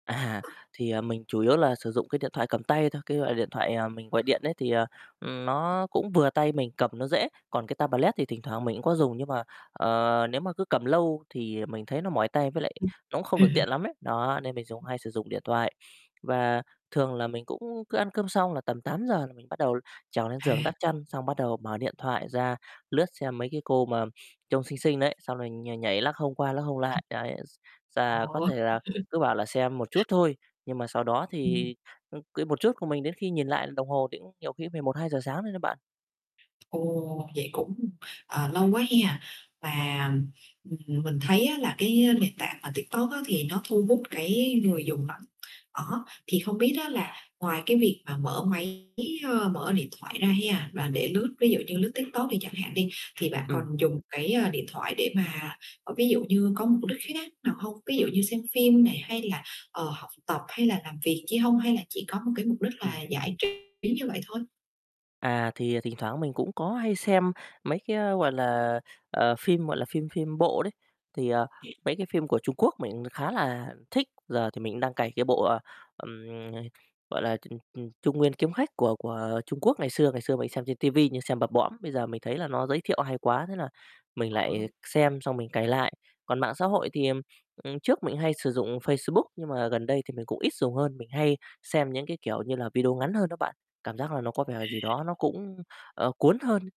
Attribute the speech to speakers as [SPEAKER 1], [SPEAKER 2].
[SPEAKER 1] À, thì, à, mình chủ yếu là sử dụng cái điện thoại cầm tay thôi, cái loại điện thoại, à, mình gọi điện ấy, thì, ờ, ừm, nó cũng vừa tay mình, cầm nó dễ, còn cái tablet thì thỉnh thoảng mình cũng có dùng, nhưng mà, ờ, nếu mà cứ cầm lâu thì mình thấy nó mỏi tay, với lại
[SPEAKER 2] Ừm.
[SPEAKER 1] nó cũng không được tiện lắm ấy. Đó, nên mình dùng hay sử dụng điện thoại và thường là mình cũng cứ ăn cơm xong là tầm 8:00 là mình bắt đầu trèo lên giường
[SPEAKER 2] À.
[SPEAKER 1] đắp chăn, xong bắt đầu mở điện thoại ra, lướt xem mấy cái cô mà trông xinh xinh đấy, xong rồi nh nhảy, lắc hông qua lắc hông
[SPEAKER 2] Ừm.
[SPEAKER 1] lại. Đấy, s sà có
[SPEAKER 2] Ồ.
[SPEAKER 1] thể là cứ bảo là xem một chút thôi, nhưng mà sau đó
[SPEAKER 2] Ừm.
[SPEAKER 1] thì, ư, cái một chút của mình đến khi nhìn lại đồng hồ thì cũng nhiều khi cũng phải 1:00-2:00 sáng rồi đấy bạn.
[SPEAKER 2] Ồ, vậy cũng, ờ, lâu quá ha, và, ừm, mình thấy á là cái nền tảng mà TikTok á thì nó thu hút cái người dùng lắm. Đó, thì không biết á là ngoài cái việc mà mở máy, ơ, mở điện thoại ra ha và để lướt, ví dụ như lướt TikTok đi chẳng hạn đi, thì bạn còn
[SPEAKER 1] Ừm.
[SPEAKER 2] dùng cái, ơ, điện thoại để mà, ờ, ví dụ như có mục đích khác nào hông? Ví dụ như xem phim này hay là, ờ, học tập hay là làm việc chi hông, hay là chỉ có một cái mục đích là
[SPEAKER 1] Ừm.
[SPEAKER 2] giải trí như vậy thôi?
[SPEAKER 1] À, thì, à, thỉnh thoảng mình cũng có hay xem mấy cái, gọi là, ờ, phim, gọi là, phim phim bộ đấy, thì, à, mấy cái phim của Trung Quốc mình khá là thích, giờ thì mình cũng đang cày cái bộ, ờ, ừm, ờ, gọi là, ừm, ừm, Trung Nguyên Kiếm Khách của của Trung Quốc ngày xưa, ngày xưa mình xem trên ti vi nhưng xem bập bõm, bây giờ mình thấy là nó giới thiệu hay quá, thế là mình
[SPEAKER 2] À
[SPEAKER 1] lại
[SPEAKER 2] ha.
[SPEAKER 1] xem xong mình cày lại. Còn mạng xã hội thì, ừm, ừm, trước mình cũng hay sử dụng Facebook, nhưng mà gần đây thì mình cũng ít dùng hơn, mình hay xem những cái, kiểu như là, video ngắn hơn đó bạn, cảm giác là nó có vẻ gì đó nó cũng, ờ, cuốn hơn.